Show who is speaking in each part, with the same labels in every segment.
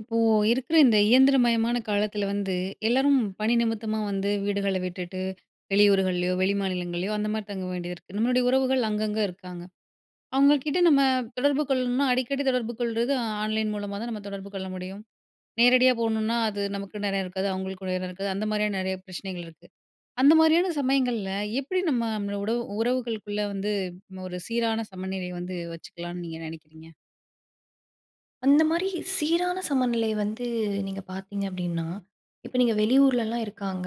Speaker 1: இப்போ இருக்கிற இந்த இயந்திரமயமான காலத்தில வந்து, எல்லாரும் பணி நிமித்தமா வந்து வீடுகளை விட்டுட்டு வெளியூர்கள்லயோ, வெளிமாநிலங்கள்லையோ அந்த மாரி தங்க வேண்டியிருக்கு. நம்மளுடைய உறவுகள் அங்கங்க இருக்காங்க. அவங்ககிட்ட நம்ம தொடர்பு கொள்ளணும்னா அடிக்கடி தொடர்பு கொள்றது ஆன்லைன் மூலமா தான் நம்ப தொடர்பு கொள்ள முடியும். நேரடியா போணும்னா அது நமக்கும் நேரம் இருக்காது, அவங்களுக்கும் நேரம் இருக்காது. அந்த மாரியான நெறைய பிரச்சனைகள் இருக்கு. அந்த மாரியான சமயங்கள்ல எப்படி நம்ம உடவு உறவுகளுக்குள்ள வந்து ஒரு சீரான சமநிலை வந்து வச்சுக்கலாம்ன்னு நீங்க நெனைக்கிறீங்க?
Speaker 2: அந்த மாரி சீரான சமநிலை வந்து நீங்க பார்த்தீங்க அப்படின்னா, இப்ப நீங்க வெளியூர்லல்லாம் இருக்காங்க,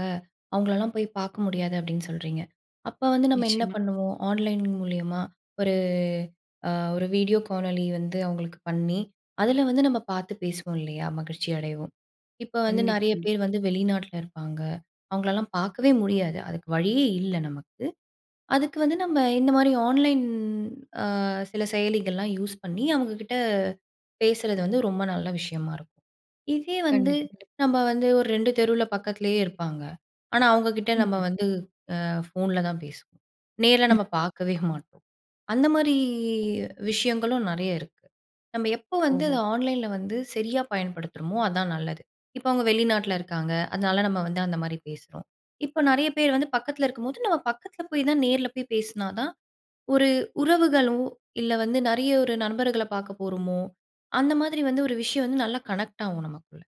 Speaker 2: அவங்களல்லாம் போய் பார்க்க முடியாது அப்படீன்னு சொல்றீங்க. அப்ப வந்து நம்ம என்ன
Speaker 1: நிச்சயமா.
Speaker 2: பண்ணுவோம் ஆன்லைன் மூலியமா ஒரு அ ஒரு வீடியோ காணொலி வந்து அவங்களுக்கு பண்ணி, அதில வந்து நம்ம பார்த்து பேசுவோம் இல்லையா? மகிழ்ச்சி அடைவோம். இப்ப வந்து
Speaker 1: கண்டிப்பா,
Speaker 2: நெறைய
Speaker 1: கண்டிப்பா.
Speaker 2: பேர் வந்து வெளிநாட்டில இருப்பாங்க. அவங்களல்லாம் பார்க்கவே முடியாது. அதுக்கு வழியே இல்லை நமக்கு. அதுக்கு வந்து நம்ம இந்த மாரி ஆன்லைன் அ சில செயலிகள்லாம் யூஸ் பண்ணி அவங்க கிட்ட பேசறது வந்து ரொம்ப நல்ல விஷயமா இருக்கும். இதே வந்து
Speaker 1: கண்டிப்பா, கண்டிப்பா.
Speaker 2: நம்ப வந்து ஒரு 2 தெருவுல பக்கத்திலேயே இருப்பாங்க. ஆனா அவங்க கிட்ட நம்ம
Speaker 1: ம்ஹ்ம்.
Speaker 2: வந்து அ ஃபோன்ல தான் பேசுவோம். நேர்ல
Speaker 1: ம்.
Speaker 2: நம்ம பார்க்கவே மாட்டோம். அந்த மாரி விஷயங்களும் நெறைய இருக்கு. நம்ப எப்போ வந்து
Speaker 1: ஓஹோ!
Speaker 2: அதை ஆன்லைன்ல வந்து சரியா பயன்படுத்துறோமோ அதான் நல்லது. இப்ப அவங்க வெளிநாட்டில இருக்காங்க, அதனால நம்ம வந்து அந்த மாரி பேசுறோம். இப்ப நெறைய பேர் வந்து பக்கத்தில இருக்கும்போது நம்ம பக்கத்தில போய் தான் நேரில போய் பேசினா தான், ஒரு உறவுகளும் இல்ல வந்து நெறைய ஒரு நண்பர்களை பார்க்க போறோமோ, அந்த மாதிரி வந்து ஒரு விஷயம் வந்து நல்லா கனெக்ட் ஆகும் நமக்குள்ள.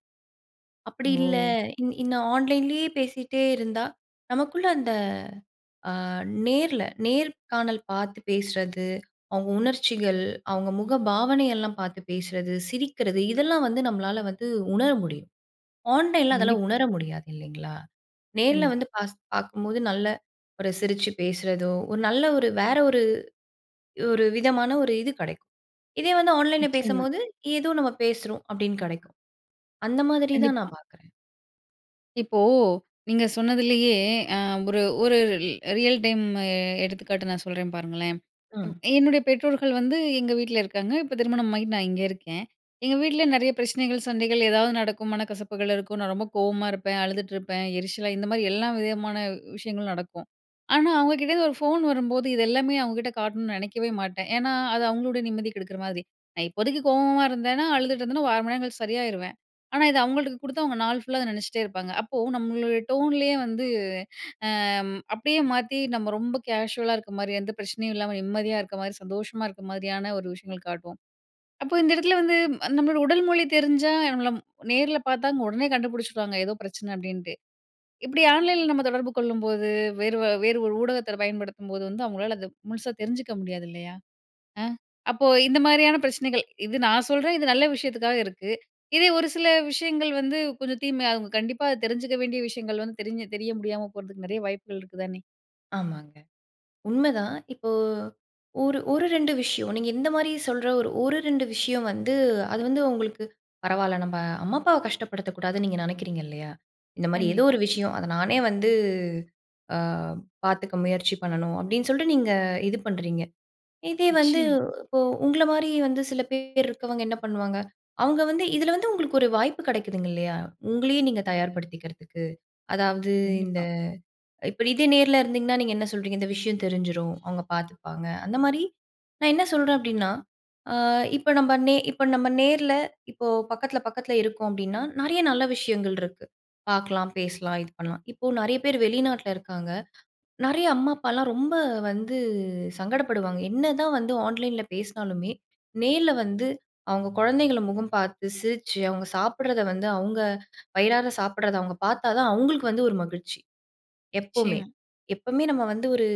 Speaker 2: அப்படி இல்ல
Speaker 1: ஓ!
Speaker 2: இந் இந்த ஆன்லைன்லேயே பேசிட்டே இருந்தா நமக்குள்ள அந்த அ நேர்ல நேர்காணல் பார்த்து பேசறது, அவங்க உணர்ச்சிகள், அவங்க முக பாவனையெல்லாம் பார்த்து பேசறது, சிரிக்கிறது இதெல்லாம் வந்து நம்மளால வந்து உணர முடியும். ஆன்லைன்ல அதெல்லாம்
Speaker 1: கண்டிப்பா.
Speaker 2: உணர முடியாது இல்லிங்களா? நேர்ல
Speaker 1: கண்டிப்பா.
Speaker 2: வந்து பாஸ் பார்க்கும்போது நல்ல ஒரு சிரிச்சு பேசுறதோ, ஒரு நல்ல ஒரு வேற ஒரு ஒரு விதமான ஒரு இது கெடைக்கும். இதே வந்து ஆன்லைன்ல
Speaker 1: நிச்சயமா.
Speaker 2: பேசம்போது ஏதோ நம்ம பேசுறோம் அப்படீன்னு கெடைக்கும். அந்த மாதிரி தான்
Speaker 1: கண்டிப்பா.
Speaker 2: நான் பார்க்குறேன்.
Speaker 1: இப்போ, நீங்க சொன்னதிலயே அ ஒரு ஒரு ரி ரியல் டைம்மு எடுத்துக்காட்டு, நான் சொல்றேன் பாருங்களேன். ம்
Speaker 2: அ.
Speaker 1: என்னுடைய பெற்றோர்கள் வந்து, எங்க வீட்ல இருக்காங்க. இப்ப திருமணம் ஆயிட் நான் இங்க இருக்கேன். எங்க வீட்ல நிறைய பிரச்சனைகள், சண்டைகள் ஏதாவது நடக்கும். மனக்கசப்புகள் இருக்கும். நான் ரொம்ப கோவமா இருப்பேன், அழுதுட்டு இருப்பேன், எரிச்சலா இந்த மாரி, எல்லா விதமான விஷயங்களும் நடக்கும். ஆனா, அவுங்க கிட்டேந்து ஒரு ஃபோன் வரும்போது, இத எல்லாமே அவுங்க கிட்ட காட்டணும்னு நினைக்கவே மாட்டேன். ஏன்னா, அது அவுங்களுடைய நிம்மதி கெடுக்கிற மாதிரி. நான் இப்போதைக்கு கோவமா இருந்தேன்னா, அழுதுட்டு இருந்தேனா ஒரு 1/2 மணி நேரங்கழிச்சு சரியாயிருவேன். ஆனா, இதை அவுங்கள்ட்ட குடுத்தா, அவுங்க நாள் ஃபுல்லா அத நினச்சிட்டே இருப்பாங்க. அப்போ நம்மளோட டோன்லயே வந்து அ அப்பிடியே மாத்தி, அ நம்ம ரொம்ப கேஷுவலா இருக்க மாரி, எந்த பிரச்சனையும் இல்லாம நிம்மதியா இருக்க மாதிரி, சந்தோஷமா இருக்க மாதிரியான ஒரு விஷயங்கள் காட்டுவோம். அப்போ இந்த இடத்தில வந்து, நம்மளோட உடல் மொழி தெரிஞ்சா, இல்ல நம்மள நேர்ல பார்த்தா, உடனே கண்டுபிடிச்சுடுவாங்க. ஏதோ பிரச்சனை, அப்பிடீன்ட்டு. இப்பிடி ஆன்லைன்ல நம்ம தொடர்பு கொள்ளும்போது, வேறு வ வேறு ஒரு ஊடகத்தை பயன்படுத்தும்போது, வந்து அவங்களால அதை முழுசா தெரிஞ்சுக்க முடியாது, இல்லையா. அ. அப்போ, இந்த மாரியான பிரச்சனைகள். இது நான் சொல்றேன், இது நல்ல விஷயத்துக்காக இருக்கு. இதே ஒரு சில விஷயங்கள் வந்து, கொஞ்சம் தீமையா, அவுங்க கண்டிப்பா அதை தெரிஞ்சுக்க வேண்டிய விஷயங்கள் வந்து, தெரிஞ்சு தெரிய முடியாம போறதுக்கு நிறைய வாய்ப்புகள் இருக்குதானே?
Speaker 2: ஆமாங்க. உண்மைதான்! இப்போ ஒரு ஒரு 2 விஷயம் நீங்க இந்த மாரி சொல்ற, ஒர் ஒரு 2 விஷயம் வந்து, அது வந்து உங்களுக்கு "பரவால்ல நம்ப அம்மா அப்பாவை கஷ்டப்படுத்தக் கூடாதுன்னு" நீங்க நினைக்கிறீங்க இல்லையா? இந்த மாரி எதோ
Speaker 1: கண்டிப்பா.
Speaker 2: ஒரு விஷயம், "அதை நானே வந்து ஆ பார்த்துக்க முயற்சி பண்ணணும்" அப்படின்னு சொல்லிட்டு நீங்க இது பண்ணுறீங்க. இதே வந்து,
Speaker 1: நிச்சயமா.
Speaker 2: இப்போ உங்களை மாரி வந்து சில பேர் இருக்கிறவங்க என்ன பண்ணுவாங்க? அவங்க வந்து இதில வந்து உங்களுக்கு ஒரு வாய்ப்பு கிடைக்குதுங்க இல்லையா? உங்களையே நீங்க தயார்படுத்திக்கிறதுக்கு. அதாவது இந்த
Speaker 1: கண்டிப்பா.
Speaker 2: இப்ப இதே நேர்ல இருந்தீங்கன்னா நீங்க என்ன சொல்கிறீங்க, "இந்த விஷயம் தெரிஞ்சிரும், அவங்க பார்த்துப்பாங்க." அந்த மாரி. நான் என்ன சொல்றேன் அப்படின்னா, ஆ இப்ப நம்ம நே இப்ப நம்ம நேர்ல இப்போ பக்கத்தில பக்கத்தில இருக்கோம் அப்படிடீன்னா நெறைய நல்ல விஷயங்கள் இருக்கு. பார்க்கலாம், பேசலாம், இது பண்ணலாம். இப்போ நெறைய பேர் வெளிநாட்டில இருக்காங்க. நெறைய அம்மா அப்பாலாம் ரொம்ப வந்து சங்கடப்படுவாங்க. என்னதான் வந்து ஆன்லைன்ல பேசினாலுமே, நேர்ல வந்து அவங்க குழந்தைகள முகம் பார்த்து, சிரிச்சு, அவங்க சாப்பிடுறத வந்து அவங்க வயிறார சாப்பிடுறத அவங்க பார்த்தா தான் அவங்களுக்கு வந்து ஒரு மகிழ்ச்சி. எப்பவுமே
Speaker 1: நிச்சயமா.
Speaker 2: எப்பவுமே நம்ம வந்து ஒரு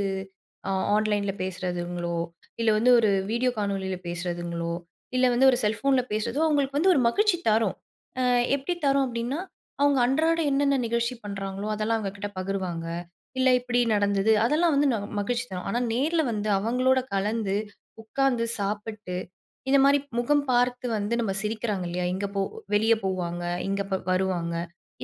Speaker 2: ஆ ஆன்லைன்ல பேசுறதுங்களோ, இல்லை வந்து ஒரு வீடியோ காணொளியில பேசுறதுங்களோ, இல்ல வந்து ஒரு செல்ஃபோன்ல பேசுறதோ அவங்களுக்கு வந்து ஒரு மகிழ்ச்சி தரும். அ எப்படி தரும் அப்படின்னா அவங்க அன்றாட என்னென்ன நிகழ்ச்சி பண்ணுறாங்களோ அதெல்லாம் அவங்க கிட்ட பகிர்வாங்க. "இல்லை இப்படி நடந்தது." அதெல்லாம் வந்து ந மகிழ்ச்சிதான். ஆனா நேர்ல வந்து அவங்களோட கலந்து, உட்காந்து, சாப்பிட்டு இந்த மாரி முகம் பார்த்து வந்து நம்ம சிரிக்கிறாங்க இல்லையா? இங்க போ வெளிய போவாங்க. இங்க இப்ப வருவாங்க.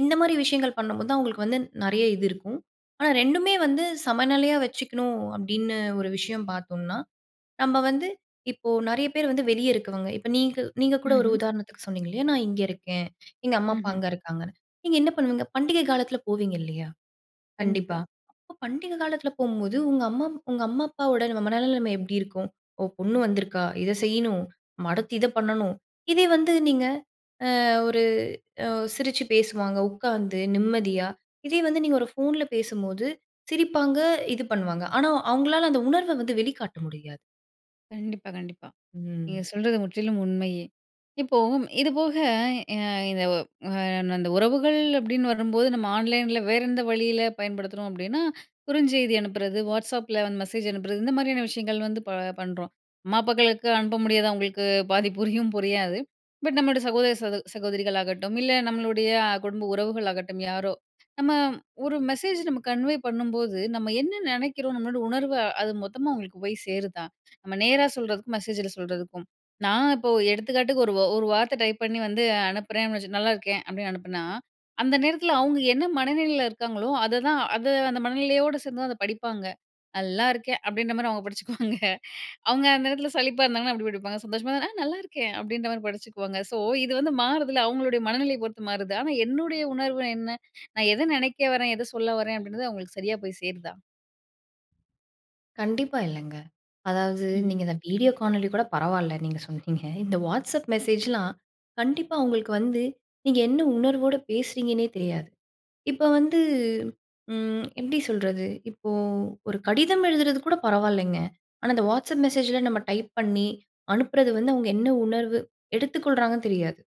Speaker 2: இந்த மாரி விஷயங்கள் பண்ணும்போது தான் அவங்களுக்கு வந்து நெறைய இது இருக்கும். ஆனா 2மே வந்து சமநிலையா வச்சுக்கணும் அப்படின்னு ஒரு விஷயம் பார்த்தோம்னா, நம்ம வந்து இப்போ நெறைய பேர் வந்து வெளியே இருக்கவங்க. இப்ப நீங்க நீங்க கூட ஒரு
Speaker 1: ம்ஹ்ம்.
Speaker 2: உதாரணத்துக்கு சொன்னீங்க இல்லையா? நான் இங்கே இருக்கேன். எங்க அம்மா அப்பா
Speaker 1: ம்ஹ்ம்.
Speaker 2: அங்க இருக்காங்கன்னு. நீங்க என்ன பண்ணுவீங்க? பண்டிகை காலத்தில போவீங்க இல்லையா? கண்டிப்பா.
Speaker 1: கண்டிப்பா.
Speaker 2: அப்ப பண்டிகை காலத்தில போகும்போது உங்க அம்மா உங்க அம்மா அப்பாவோட நம்ம மனநிலைமை எப்படி இருக்கும்? ஓ! பொண்ணு வந்திருக்கா. இதை செய்யணும். நம்ம அடுத்து இதை பண்ணணும். இதே வந்து நீங்க அ ஒரு, அ சிரிச்சு பேசுவாங்க உட்காந்து, நிம்மதியா. இதே வந்து நீங்க ஒரு ஃபோன்ல பேசும்போது, சிரிப்பாங்க இது பண்ணுவாங்க. ஆனா அவங்களால அந்த உணர்வை வந்து வெளிக்காட்ட முடியாது.
Speaker 1: கண்டிப்பா, கண்டிப்பா. நீங்க
Speaker 2: ம்.
Speaker 1: சொல்றது முற்றிலும் உண்மையே. இப்போ, இதுபோக ய இது ஒ அன் அந்த உறவுகள் அப்படின்னு வரும்போது, நம்ம ஆன்லைன்ல வேற எந்த வழியில பயன்படுத்துறோம் அப்படின்னா, குறுஞ்செய்தி அனுப்புறது, வாட்ஸ்அப்பில வந்து மெசேஜ் அனுப்புறது, இந்த மாரியான விஷயங்கள் வந்து ப பண்ணுறோம். அம்மா, அப்பாக்களுக்கு அனுப்ப முடியாது. அவங்களுக்கு பாதி புரியும் புரியாது. பட் நம்மளோட சகோதர, சகோ சகோதரிகள் ஆகட்டும், இல்லை நம்மளுடைய குடும்ப உறவுகள் ஆகட்டும், யாரோ. நம்ம ஒரு மெசேஜ் நம்ம கன்வே பண்ணும்போது நம்ம என்ன நெனைக்கிறோம். நம்மளோட உணர்வு அது, மொத்தமா அவங்களுக்கு போய் சேருதா? நம்ம நேரா சொல்றதுக்கும் மெசேஜில சொல்றதுக்கும். நான் இப்போ எடுத்துக்காட்டுக்கு, ஒரு ஒரு வார்த்தை டைப் பண்ணி வந்து அனுப்புறேன் வச்சு 'நல்லாயிருக்கேன்' அப்படின்னு அனுப்புனா, அந்த நேரத்துல, அவங்க என்ன மனநிலையில இருக்காங்களோ, அதை தான் அதை அந்த மனநிலையோடு சேர்ந்து தான் அதை படிப்பாங்க. 'நல்லாயிருக்கேன்' அப்படின்ற மாரி அவங்க படிச்சுக்குவாங்க. அவங்க அந்த எடத்துல சலிப்பா இருந்தாங்கன்னா, அப்படி படிப்பாங்க. சந்தோஷமா இருந்தா 'நான் நல்லாயிருக்கேன்' அப்படின்ற மாரி படிச்சுக்குவாங்க. ஸோ இது வந்து மாறுதில்ல. அவங்களுடைய மனநிலையை பொறுத்து மாறுது. ஆனா என்னுடைய உணர்வு என்ன? நான் எதை நெனைக்க வரேன்? எதை சொல்ல வரேன்? அப்படின்றது அவங்களுக்கு சரியா போய் சேருதா?
Speaker 2: கண்டிப்பா, இல்லங்க. அதாவது,
Speaker 1: ம்ஹ்ம்.
Speaker 2: நீங்க இந்த வீடியோ காணொலி கூட பரவால்ல, நீங்க சொன்னீங்க. இந்த WhatsApp மெசேஜ்லாம், கண்டிப்பா உங்களுக்கு வந்து, நீங்க என்ன உணர்வோடு பேசுறீங்கன்னே தெரியாது. இப்ப வந்து ம் எப்படி சொல்றது? இப்போ ஒரு கடிதம் எழுதுறது கூட பரவாயில்லைங்க. ஆனா அந்த WhatsApp மெசேஜில, நம்ம டைப் பண்ணி அனுப்புறது வந்து, அவங்க என்ன உணர்வு எடுத்துக்கொள்றாங்கன்னு தெரியாது.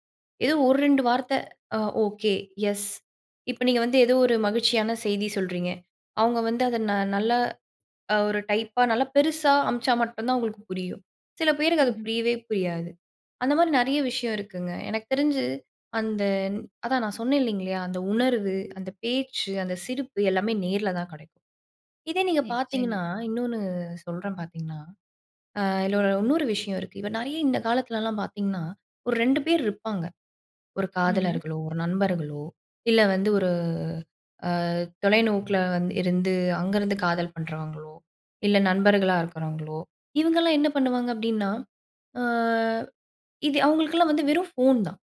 Speaker 2: ஏதோ 1 2 வார்த்தை அ ஓகே, எஸ். இப்ப நீங்க வந்து ஏதோ ஒரு மகிழ்ச்சியான செய்தி சொல்றீங்க. அவங்க வந்து அதை ந நல்லா அ ஒரு டைப்பா, நல்லா பெருசா அம்ச்சா மட்டும் தான், அவங்களுக்கு புரியும். சில பேருக்கு, அது
Speaker 1: ம்ஹ்ம்.
Speaker 2: புரியவே புரியாது. அந்தமாரி நெறைய விஷயம் இருக்குங்க. எனக்கு தெரிஞ்சு அந்த அதான் நான் சொன்னேன் இல்லைங்களா அந்த உணர்வு, அந்த பேச்சு, அந்த சிரிப்பு எல்லாமே நேர்ல தான் கெடைக்கும். இதே நீங்க
Speaker 1: நிச்சயமா.
Speaker 2: பார்த்தீங்கன்னா, இன்னொன்னு சொல்றேன் பார்த்தீங்கன்னா, அ இதில இன்னொரு விஷயம் இருக்கு. இப்ப நெறைய, இந்த காலத்துலலாம் பார்த்தீங்கன்னா, ஒரு 2 பேர் இருப்பாங்க. ஒரு
Speaker 1: ம்ஹ்ம்.
Speaker 2: காதலர்களோ, ஒரு நண்பர்களோ, இல்ல வந்து ஒரு அ தொலைநோக்கில வந்து இருந்து அங்கருந்து காதல் பண்ணுறவங்களோ, இல்ல நண்பர்களா இருக்கிறவங்களோ இவங்கலாம் என்ன பண்ணுவாங்க அப்படின்னா, அ இது அவங்களுக்கெல்லாம் வந்து வெறும் ஃபோன் தான்.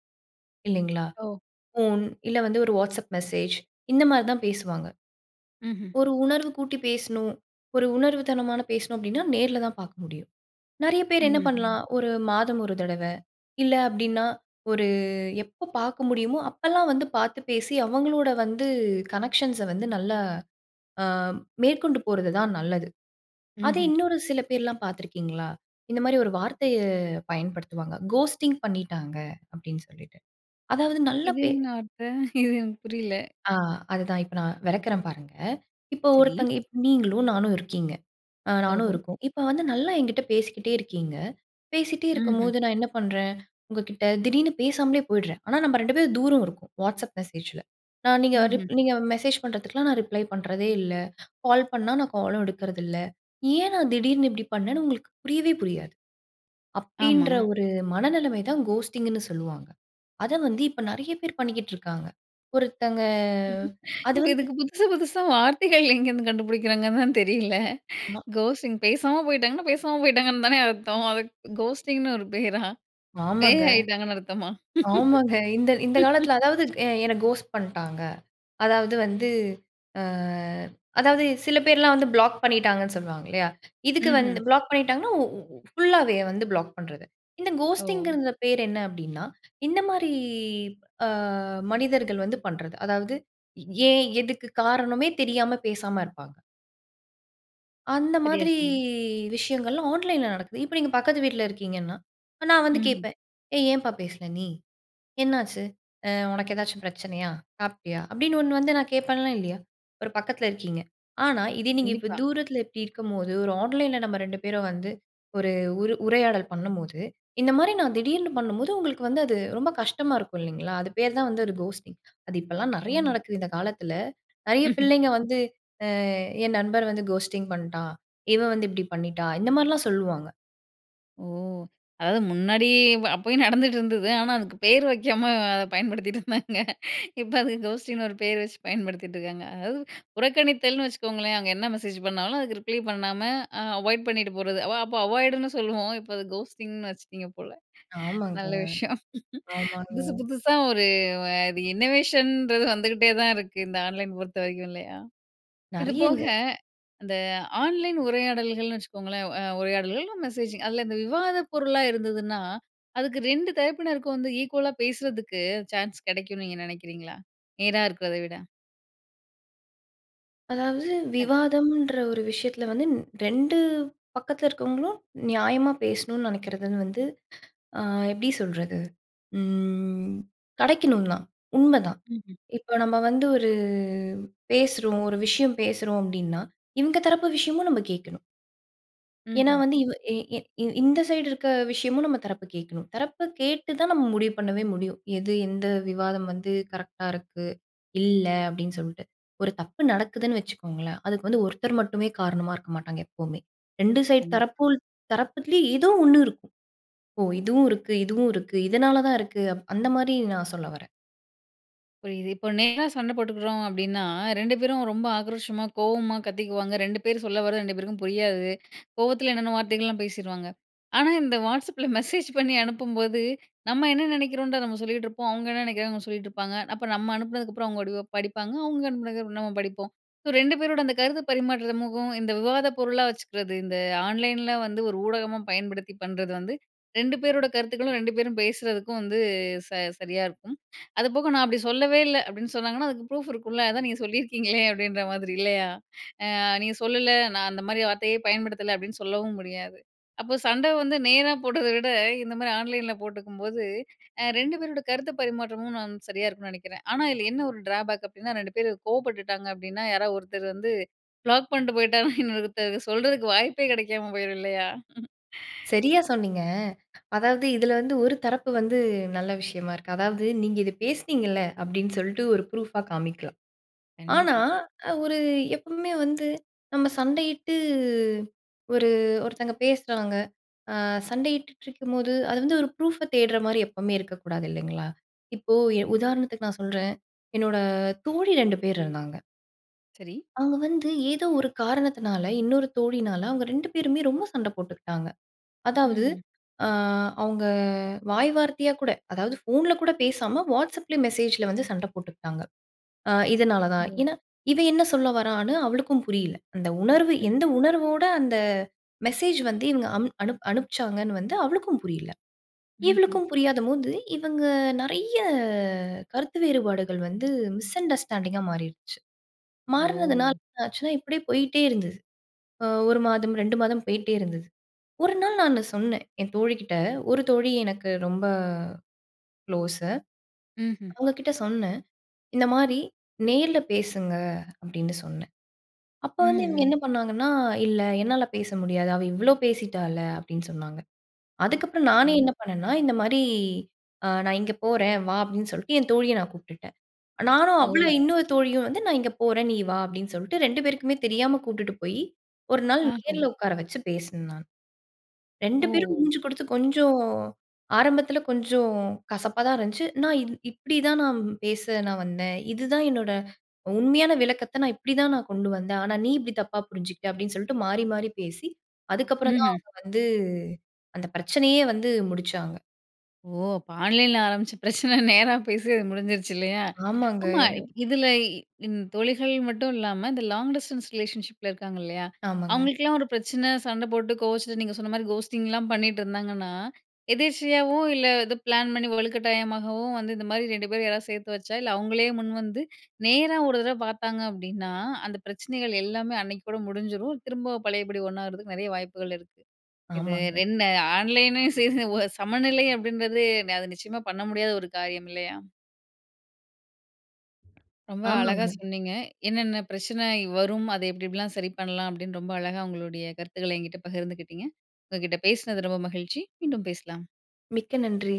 Speaker 2: இல்லைங்களா?
Speaker 1: ஓ!
Speaker 2: ஃபோன் இல்ல வந்து, ஒரு WhatsApp மெசேஜ் இந்த மாரி தான் பேசுவாங்க.
Speaker 1: ம்ஹ்ம்.
Speaker 2: ஒரு உணர்வு கூட்டி பேசணும், ஒரு உணர்வு தனமான பேசணும் அப்படின்னா நேர்ல தான் பார்க்க முடியும். நெறைய பேர் என்ன
Speaker 1: ம்ஹ்ஹும்.
Speaker 2: பண்ணலாம்? ஒரு மாதம் 1 தடவை, இல்லை அப்படின்னா, ஒரு எப்ப பார்க்க முடியுமோ, அப்பல்லாம் வந்து பார்த்து பேசி, அவங்களோட வந்து கனெக்ஷன்ஸை வந்து நல்லா அ மேற்கொண்டு போறது தான் நல்லது. அதே,
Speaker 1: ம்ஹ்ம்.
Speaker 2: இன்னொரு சில பேர்லாம் பார்த்திருக்கீங்களா? இந்த மாரி ஒரு வார்த்தையை பயன்படுத்துவாங்க. "கோஸ்ட்டிங் பண்ணிட்டாங்க." அப்படின்னு சொல்லிட்டு. அதாவது நல்ல
Speaker 1: இது
Speaker 2: பே
Speaker 1: என்ன வார்த்தை? இது எனக்கு புரியல.
Speaker 2: ஆ. அதுதான். இப்ப நான் வெளக்குறேன் பாருங்க. இப்போ,
Speaker 1: சரி.
Speaker 2: ஒருத்தங்க இப்ப நீங்களும், நானும் இருக்கோம். அ நானும்
Speaker 1: ஓஹோ!
Speaker 2: இருக்கேன். இப்ப வந்து நல்லா என்கிட்ட பேசிக்கிட்டே இருக்கீங்க. பேசிட்டே
Speaker 1: ம்ஹ்ம்.
Speaker 2: இருக்கும்போது, நான் என்ன பண்ணுறேன்? உங்க கிட்ட, திடீர்னு பேசாமலே போயிடுறேன். ஆனா, நம்ப 2 பேரும் தூரம் இருக்கோம். WhatsApp மெசேஜில. நான் நீங்க
Speaker 1: ம்ஹ்ம்.
Speaker 2: ரிப் நீங்க மெசேஜ் பண்ணுறதுக்குலாம், நான் ரிப்ளை பண்ணுறதே இல்லை. கால் பண்ணா, நான் காலும் எடுக்கறது இல்லை. ஏன் நான், திடீர்னு இப்படி பண்ணேன்னு உங்களுக்கு புரியவே புரியாது.
Speaker 1: ஆமா.
Speaker 2: அப்படின்ற ஒரு மனநிலைமை தான், கோஸ்ட்டிங்ன்னு சொல்லுவாங்க. அத வந்து இப்ப நெறைய பேர் பண்ணிக்கிட்ருக்காங்க. ஒருத்தங்க. அது
Speaker 1: இப்ப
Speaker 2: வந்து
Speaker 1: இதுக்கு புதுசு புதுசா வார்த்தைகள் எங்கேருந்து கண்டுபிடிக்கிறாங்கன்னு தான் தெரியல.
Speaker 2: ஆமா.
Speaker 1: கோஸ்ட்டிங் பேசாம போய்ட்டாங்கன்னா, பேசாம போய்ட்டாங்கன்னு தானே அர்த்தம். அது கோஸ்டிங்ன்னு ஒரு பேரா?
Speaker 2: ஆமாங்க,
Speaker 1: பேய் ஆயிட்டாங்கன்னு அர்த்தமா?
Speaker 2: ஆமாங்க. இந்த இந்த காலத்தில, அதாவது எ "என்ன கோஸ்ட் பண்ட்டாங்க" அதாவது வந்து அ அதாவது சில பேர்லாம் வந்து, ப்ளாக் பண்ணிட்டாங்கன்னு சொல்லுவாங்க இல்லையா? இதுக்கு
Speaker 1: ம்ஹ்ம்.
Speaker 2: வந்து ப்ளாக் பண்ணிட்டாங்கன்னா ஒ ஒ ஒ ஃபுல்லாவே வந்து ப்ளாக் பண்ணுறது. இந்த
Speaker 1: ஓ!
Speaker 2: கோஸ்ட்டிங்கறந்த பேர் என்ன அப்படின்னா, இந்த மாரி அ மனிதர்கள் வந்து பண்ணுறது. அதாவது ஏன், எதுக்கு காரணமே தெரியாம, பேசாம இருப்பாங்க. அந்த
Speaker 1: சரியா
Speaker 2: மாதிரி
Speaker 1: சொன்னீங்க.
Speaker 2: விஷயங்கள்லாம் ஆன்லைன்ல நடக்குது. இப்ப நீங்க பக்கத்து வீட்ல இருக்கீங்கன்னா, நான் வந்து
Speaker 1: ம்ஹ்ம்.
Speaker 2: கேப்பேன். "ஏய்! ஏன்ப்பா பேசல நீ? என்னாச்சு? அ உனக்கு ஏதாச்சும் பிரச்சனையா? சாப்பிட்டியா?" அப்படீன்னு ஒண்ணு வந்து நான் கேப்பேன்ல, இல்லியா? ஒரு பக்கத்துல இருக்கீங்க. ஆனா இதே நீங்க இப்போ
Speaker 1: கண்டிப்பா.
Speaker 2: தூரத்துல இப்பிடி இருக்கும்போது, ஒரு ஆன்லைன்ல நம்ம 2 பேரும் வந்து ஒரு உரு உரையாடல் பண்ணும்போது, இந்த மாதிரி நான் திடீர்னு பண்ணும்போது, உங்களுக்கு வந்து அது ரொம்ப கஷ்டமா இருக்கும், இல்லீங்களா! அது பேரு தான் வந்து ஒரு கோஸ்ட்டிங். அது இப்பல்லாம்
Speaker 1: ஓ!
Speaker 2: நெறையா நடக்குது இந்த காலத்துல. நெறைய பிள்ளைங்க வந்து, அ "என் நண்பர் வந்து கோஸ்ட்டிங் பண்ணிட்டான். இவ வந்து இப்பிடி பண்ணிட்டா" இந்த மாரிலாம் சொல்வாங்க.
Speaker 1: ஓ! அதாவது முன்னாடி ப அப்பயும் நடந்துட்டு இருந்தது. ஆனா, அதுக்கு பேர் வைக்காம, அத பயன்படுத்திட்டிருந்தாங்க. இப்ப அதுக்கு கோஸ்டிங்ன்னு ஒரு பேரு வச்சு பயன்படுத்திட்டிருக்காங்க. அதாவது புறக்கணித்தல்னு வச்சுக்கோங்களேன். அங்க என்ன மெசேஜ் பண்ணாலும், அதுக்கு ரிப்ளே பண்ணாம, அ அவாய்ட் பண்ணிட்டு போறது. அவ அப்ப அவாய்டுன்னு சொல்லுவோம். இப்ப அது கோஸ்ட்டிங்னு வச்சுட்டீங்க போல.
Speaker 2: ஆமாங்க,
Speaker 1: நல்ல விஷயம்.
Speaker 2: ஆமாங்க.
Speaker 1: புதுசு புதுசா ஒரு அ இது இன்னொவேஷன்றது வந்துகிட்டே தான் இருக்கு இந்த ஆன்லைன் பொறுத்த வரைக்கும், இல்லையா? இது
Speaker 2: நெறையங்க.
Speaker 1: போக, அந்த ஆன்லைன் உரையாடல்கள்னு வச்சுக்கோங்களேன். அ உரையாடல்கள் இல்ல மெசேஜிங். அதுல இந்த விவாத பொருள்லா இருந்ததுன்னா, அதுக்கு 2 தரப்பினருக்கும் வந்து ஈக்குவலா பேசுறக்கு சான்ஸ் கிடைக்கும்னு நீங்க நினைக்கிறீங்களா, நேரா இருக்கிறத விட?
Speaker 2: அதாவது
Speaker 1: டக்
Speaker 2: விவாதம்ன்ற ஒரு விஷயத்தில வந்து ன் 2 பக்கத்தில இருக்கவங்களும் நியாயமா பேசணும்னு நினைக்கிறதுனு வந்து ஆ எப்பிடி சொல்றது! ம் கிடைக்கணுந்தான். உண்மதான்.
Speaker 1: ம்ஹ்ம்.
Speaker 2: இப்ப நம்ம வந்து ஒரு பேசுறோம் ஒரு விஷயம் பேசுறோம் அப்பிடின்னா, இவுங்க தரப்பு விஷயமும் நம்ம கேட்கணும் ஏன்னா
Speaker 1: ம்ஹ்ம்.
Speaker 2: வந்து இவ எ எ இ இந்த சைடு இருக்க விஷயமும் நம்ம தரப்பு கேட்கணும். தரப்ப கேட்டுதான் நம்ம முடிவு பண்ணவே முடியும். எது எந்த விவாதம் வந்து கரெக்டா இருக்கு, இல்ல அப்பிடின்னு சொல்ட்டு. ஒரு தப்பு நடக்குதுன்னு வச்சுக்கோங்களேன், அதுக்கு வந்து ஒருத்தர் மட்டுமே காரணமா இருக்க மாட்டாங்க எப்பவுமே. 2 சைடு
Speaker 1: கண்டிப்பா.
Speaker 2: தரப்புல் தரப்புலயும் ஏதோ ஒண்ணு இருக்கும். ஓ! இதுவும் இருக்கு, இதுவும் இருக்கு. இதனால தான் இருக்கு. அப் அந்த மாரி நான் சொல்ல வரேன்.
Speaker 1: புரியுது. இப்போ நேரா சண்ட போட்டுக்கிறோம் அப்பிடின்னா, 2 பேரும் ரொம்ப ஆக்ரோஷமா கோவமா கத்திக்குவாங்க. 2 பேர் சொல்லவரது 2 பேருக்கும் புரியாது. கோவத்தில என்னன்னமோ வார்த்தைகள்லாம் பேசிருவாங்க. ஆனா, இந்த வாட்ஸ்அப்ல மெசேஜ் பண்ணி அனுப்பும்போது, நம்ம என்ன நினைக்கிறோன்றத நம்ம சொல்லிட்டு இருப்போம். அவுங்க என்ன நினைக்கிறாங்க அவுங்க சொல்லிட்டு இருப்பாங்க. அப்ப நம்ம அனுப்பினதுக்கு அப்புறம் அவுங்க [unintelligible] படிப்பாங்க. அவுங்க அனுப்பினதுக்கு அப்புறம் நம்ம படிப்போம். ஸோ, 2 பேரோட அந்த கருத்து பரிமாற்றமுக்கும், இந்த விவாத பொருளா வச்சுக்கிறது. இந்த ஆன்லைன்ல வந்து ஒரு ஊடகமா பயன்படுத்தி பண்றது வந்து 2 பேரோட கருத்துக்களும் 2 பேரும் பேசறதுக்கும் வந்து ச சரியா இருக்கும். அது போக, "நான் அப்பிடி சொல்லவே இல்ல" அப்பிடின்னு சொன்னாங்கன்னா, அதுக்கு ப்ரூஃப் இருக்கும்ல, அதான் நீங்க சொல்லியிருக்கீங்களே அப்பிடின்ற மாதிரி இல்லயா? "ஆ நீங்க சொல்லல, நான் அந்தமாரி வார்த்தையே பயன்படுத்தல" அப்பிடின்னு சொல்லவும் முடியாது. அப்போ சண்ட வந்து நேரா போட்டத விட, இந்தமாரி ஆன்லைன்ல போட்டுக்கும்போது, அ 2 பேரோட கருத்து பரிமாற்றமும் நான் சரியா இருக்குன்னு நினைக்கிறேன். ஆனா, இதில என்ன ஒரு டிராபேக் அப்பிடின்னா, 2 பேரு கோவப்பட்டுட்டாங்க அப்பிடின்னா, யாராவது ஒருத்தர் வந்து ப்ளாக் பண்ட்டு போயிட்டாங்கன்னா, இன்னொருத்தர் சொல்றதுக்கு வாய்ப்பே கிடைக்காம போயிரும் இல்லயா!
Speaker 2: சரியா சொன்னீங்க. அதாவது இதில வந்து ஒரு தரப்பு வந்து நல்ல விஷயமா இருக்கு. அதாவது, "நீங்க இத பேசினீங்கல்ல," அப்பிடின்னு சொல்ட்டு ஒரு ப்ரூஃபா காமிக்கலாம். ஆனா
Speaker 1: கண்டிப்பா.
Speaker 2: அ ஒரு எப்பவுமே வந்து நம்ம சண்டையிட்டு ஒரு, ஒருத்தங்க பேசுறாங்க. அ சண்டையிட்டுட்ருக்கும்போது அது வந்து ஒரு ப்ரூஃப்ப தேடுறமாரி எப்பவுமே இருக்கக்கூடாது இல்லேங்களா! இப்போ எ உதாரணத்துக்கு நான் சொல்றேன், என்னோட தோழி 2 பேர் இருந்தாங்க.
Speaker 1: சரி.
Speaker 2: அவங்க வந்து, ஏதோ ஒரு காரணத்தினால இன்னொரு தோழியினால அவங்க 2 பேருமே ரொம்ப சண்ட போட்டுக்கிட்டாங்க. அதாவது,
Speaker 1: ம்ஹ்ம்.
Speaker 2: அ அவங்க வாய் வார்த்தையா கூட. அதாவது போன்ல கூட பேசாம வாட்ஸ்சப்ல மெசேஜில வந்து சண்டை போட்டுக்கிட்டாங்க. அ இதனால தான்.
Speaker 1: ஓ!
Speaker 2: ஏன்னா, இவன் என்ன சொல்ல வரான்னு அவளுக்கும் புரியல. அந்த உணர்வு
Speaker 1: ம்.
Speaker 2: எந்த உணர்வோட அந்த மெசேஜ் வந்து இவங்க அம் அனு அனுப்பிச்சாங்கன்னு வந்து அவளுக்கும் புரியல.
Speaker 1: ம்ஹ்ம்.
Speaker 2: இவளுக்கும் புரியாதம்போது இவங்க நிறைய கருத்து வேறுபாடுகள் வந்து மிஸ் அண்டர்ஸ்டாண்டிங்கா மாறிருச்சு. மாறனதுனால
Speaker 1: ஓ!
Speaker 2: என்ன ஆச்சுன்னா, இப்படியே போயிட்டே இருந்தது. அ 1 மாதம் 2 மாதம் போயிட்டே இருந்தது. ஒரு நாள் நானு சொன்னேன், என் தோழி கிட்ட ஒரு தோழி எனக்கு ரொம்ப குளோசு.
Speaker 1: ம்ஹ்ம்.
Speaker 2: அவங்க கிட்ட சொன்னேன். இந்த மாரி "நேர்ல பேசுங்க" அப்படின்னு சொன்னேன். அப்போ வந்து இவங்க
Speaker 1: ம்ஹ்.
Speaker 2: என்ன பண்ணாங்கன்னா "இல்ல, என்னால பேச முடியாது அவ இவ்வளோ பேசிட்டால்ல" அப்படின்னு சொன்னாங்க. அதுக்கப்புறம், நானே
Speaker 1: சரி.
Speaker 2: என்ன பண்ணேன்னா, இந்த மாரி அ "நான் இங்கே போறேன் வா" அப்படின்னு சொல்லிட்டு என் தோழியை நான் கூப்டுட்டேன். நானும், அவளும்
Speaker 1: ஓ!
Speaker 2: இன்னொரு தோழியும் வந்து "நான் இங்கே போறேன். நீ வா" அப்படின்னு சொல்லிட்டு 2 பேருக்குமே தெரியாம கூட்டுட்டு போய். ஒரு நாள்
Speaker 1: ஆஹம்.
Speaker 2: நேரில உக்கார வச்சு பேசினேன் நானு. 2
Speaker 1: ஓ!
Speaker 2: பேரும் மூஞ்சு கொடுத்து கொஞ்சம் ஆரம்பத்தில கொஞ்சம் கசப்பா தான் இருந்துச்சு. நான் இது இப்படி தான் நான் பேச நான் வந்தேன். இதுதான் என்னோட உண்மையான விளக்கத்த நான் இப்படிதான் நான் கொண்டு வந்தேன். ஆனா நீ இப்படி தப்பா புரிஞ்சுகிட்ட அப்படின்னு சொல்லிட்டு மாறி மாறி பேசி அதுக்கப்புறம் தான்
Speaker 1: ம்ஹ்ம்.
Speaker 2: அவங்க வந்து அந்த பிரச்சனையே வந்து முடிச்சாங்க.
Speaker 1: ஓ! அப்போ ஆன்லைன்ல ஆரம்மிச்ச பிரச்சனை நேரா பேசி அது முடிஞ்சிருச்சு இல்லையா?
Speaker 2: ஆமாங்க.
Speaker 1: ஆமா. இப் இதில இந் தொழிகள் மட்டும் இல்லாம இந்த லாங் டிஸ்டன்ஸ் ரிலேஷன்ஷிப்பில இருக்காங்க இல்லையா.
Speaker 2: ஆமாங்க.
Speaker 1: அவங்களுக்கெல்லா ஒரு பிரச்சனை, சண்டை போட்டு கோவச்சிட்டு நீங்க சொன்ன மாதிரி கஹோஸ்டிங்ல பண்ணிட்டு இருந்தாங்கன்னா. எதேர்ச்சையாவு இல்ல எதோ பிளான் பண்ணி வலுக்கட்டாயமாகவும் வந்து இந்த மாதிரி 2 பேர் யாராவது சேர்த்து வச்சா இல்ல அவங்களே முன் வந்து, நேரா ஒரு தடவை பார்த்தாங்க அப்படின்னா, அந்த பிரச்சனைகள் எல்லாமே அன்னைக்கு கூட முடிஞ்சிரும். திரும்ப பழையபடி ஒன்னாவுறதுக்கு நிறைய வாய்ப்புகள் இருக்கு. இது
Speaker 2: ஆமாங்க.
Speaker 1: என்ன ஆன்லைனு [unintelligible] சமநிலை அப்படின்றது, நெ அது நிச்சயமா பண்ண முடியாத ஒரு காரியம் இல்லையா? ரொம்ப அழகா
Speaker 2: ஆமாங்க.
Speaker 1: சொன்னீங்க. என்னன்ன பிரச்சனை இ வரும். அதை எப்படி எப்படி எல்லாம் சரி பண்ணலாம் அப்படின்னு ரொம்ப அழகா உங்களுடைய கருத்துக்களை என்கிட்ட பகிர்ந்துகிட்டிங்க. உங்ககிட்ட பேசினது ரொம்ப மகிழ்ச்சி. மீண்டும் பேசலாம்.
Speaker 2: மிக்க நன்றி.